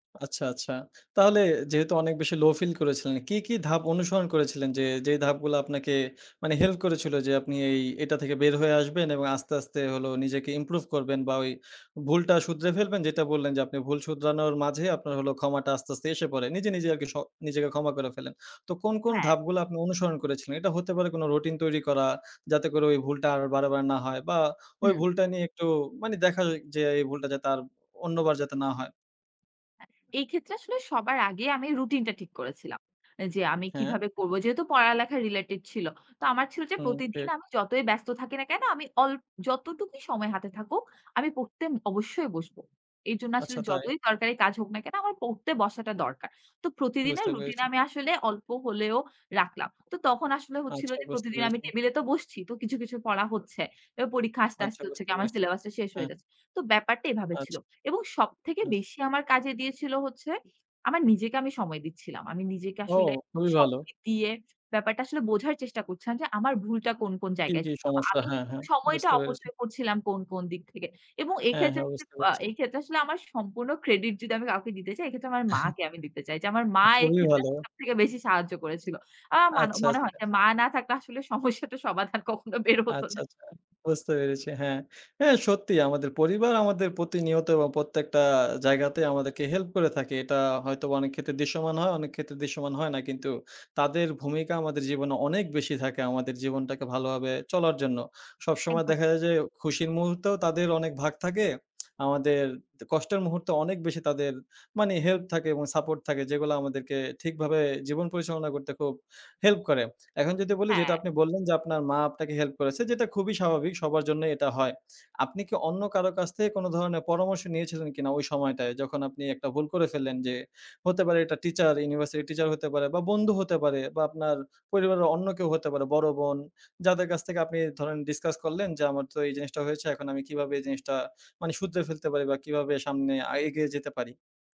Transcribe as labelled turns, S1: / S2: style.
S1: আচ্ছা, আচ্ছা। তাহলে যেহেতু অনেক বেশি low feel করেছিলেন, কি, কি ধাপ অনুসরণ করেছিলেন যে, যে ধাপগুলা আপনাকে মানে help করেছিল যে আপনি এই এটা থেকে বের হয়ে আসবেন এবং আস্তে, আস্তে হলো নিজেকে improve করবেন বা ওই ভুলটা শুধরে ফেলবেন, যেটা বললেন যে আপনি ভুল শুধরানোর মাঝে আপনার হলো ক্ষমাটা আস্তে, আস্তে এসে পড়ে। নিজে, নিজে আরকি স নিজেকে ক্ষমা করে ফেলেন। তো কোন, কোন
S2: হ্যাঁ।
S1: ধাপগুলা আপনি অনুসরণ করেছিলেন? এটা হতে পারে কোনো রুটিন তৈরি করা, যাতে করে ওই ভুলটা আর বারে, বারে না হয় বা ওই
S2: হুম।
S1: ভুলটা নিয়ে একটু মানে দেখা যে এই ভুলটা যাতে আর অন্যবার যাতে না হয়।
S2: হ্যাঁ, এই ক্ষেত্রে আসলে সবার আগে আমি রুটিনটা ঠিক করেছিলাম। যে আমি
S1: হ্যাঁ।
S2: কিভাবে করব। যেহেতু পড়ালেখা related ছিল। তো আমার ছিল যে
S1: হুম,
S2: প্রতিদিন
S1: ঠিক।
S2: আমি যতই ব্যস্ত থাকি না কেনো আমি অল যতটুকুই সময় হাতে থাকুক, আমি পড়তে অবশ্যই বসব। এর জন্য
S1: আচ্ছা
S2: আসলে
S1: তাই।
S2: যতই দরকারি কাজ হোক না কেনো, আমার পড়তে বসাটা দরকার। তো প্রতিদিনের
S1: বুঝতে
S2: রুটিন
S1: পেরেছি।
S2: আমি আসলে অল্প হলেও রাখলাম। তো তখন আসলে হচ্ছিল
S1: আচ্ছা,
S2: যে
S1: বুঝতে
S2: প্রতিদিন আমি
S1: পেরেছি।
S2: টেবিলে তো বসছি। তো কিছু, কিছু পড়া হচ্ছে। এবার পরীক্ষা আসতে,
S1: আচ্ছা,
S2: আসতে হচ্ছে
S1: বুঝতে
S2: কি আমার
S1: পেরেছি।
S2: সিলেবাসটা শেষ হয়ে
S1: হ্যাঁ।
S2: যাচ্ছে। তো ব্যাপারটা এভাবে ছিল।
S1: আচ্ছা।
S2: এবং সবথেকে
S1: আচ
S2: বেশি আমার কাজে দিয়েছিল হচ্ছে আমার নিজেকে আমি সময় দিচ্ছিলাম। আমি নিজেকে
S1: ও,
S2: আসলে
S1: খুবই ভালো।
S2: সময় দিয়ে ব্যাপারটা আসলে বোঝার চেষ্টা করছিলাম যে আমার ভুলটা কোন, কোন
S1: জি,
S2: জায়গায়
S1: জি
S2: ছিল বা
S1: সমস্যা।
S2: আমি
S1: হ্যাঁ, হ্যাঁ।
S2: সময়টা
S1: বুঝতে পেরেছি।
S2: অপচয় করছিলাম কোন, কোন দিক থেকে। এবং
S1: হ্যাঁ,
S2: এক্ষেত্রে
S1: হ্যাঁ।
S2: [unintelligible]
S1: বুঝতে
S2: বা
S1: পেরেছি।
S2: ক্ষেত্রে আসলে আমার সম্পূর্ণ ক্রেডিট যদি আমি কাউকে দিতে চাই, এক্ষেত্রে আমার মাকে আমি দিতে চাই। যে আমার
S1: আ
S2: মা
S1: খুবই
S2: এইক্ষেত্রে
S1: ভালো।
S2: সব থেকে বেশি সাহায্য করেছিল। আ মান
S1: আচ্ছা,
S2: মনে হয়
S1: আচ্ছা।
S2: যে মা না থাকলে আসলে সমস্যাটা সমাধান কখনো বের হত
S1: আচ্ছা,
S2: না।
S1: আচ্ছা। বুঝতে পেরেছি, হ্যাঁ। হ্যাঁ, সত্যি আমাদের পরিবার আমাদের প্রতিনিয়ত এবং প্রত্যেকটা জায়গাতে আমাদেরকে হেল্প করে থাকে। এটা হয়তোবা অনেক ক্ষেত্রে দৃশ্যমান হয়, অনেক ক্ষেত্রে দৃশ্যমান হয় না কিন্তু তাদের ভূমিকা আমাদের জীবনে অনেক বেশি থাকে আমাদের জীবনটাকে ভালোভাবে চলার জন্য। সবসময়
S2: একভাবে
S1: দেখা যায় যে
S2: [unintelligible]
S1: খুশির মুহূর্তেও তাদের অনেক ভাগ থাকে। আমাদের তে কষ্টের মুহূর্তে অনেক বেশি তাদের মানে হেল্প থাকে এবং সাপোর্ট থাকে যেগুলা আমাদেরকে ঠিকভাবে জীবন পরিচালনা করতে খুব হেল্প করে। এখন যদি বলি যেটা
S2: হ্যাঁ।
S1: আপনি বললেন, যে আপনার মা আপনাকে হেল্প করেছে, যেটা খুবই স্বাভাবিক সবার জন্যই এটা হয়। আপনি কি অন্য কারো কাছ থেকে কোনো ধরনের পরামর্শ নিয়েছিলেন কিনা? ওই সময়টায় যখন আপনি একটা ভুল করে ফেললেন যে হতে পারে এটা টিচার, ইউনিভার্সিটি টিচার হইতে পারে বা বন্ধু হতে পারে বা আপনার পরিবারের অন্য কেউ হতে পারে, বড় বোন যাদের কাছ থেকে আপনি ধরেন ডিসকাস করলেন যে আমার তো এই জিনিসটা হয়েছে। এখন আমি কিভাবে এই জিনিসটা মানে শুধরে ফেলতে পারি বা কিভাবে সামনে আ এগিয়ে যেতে পারি।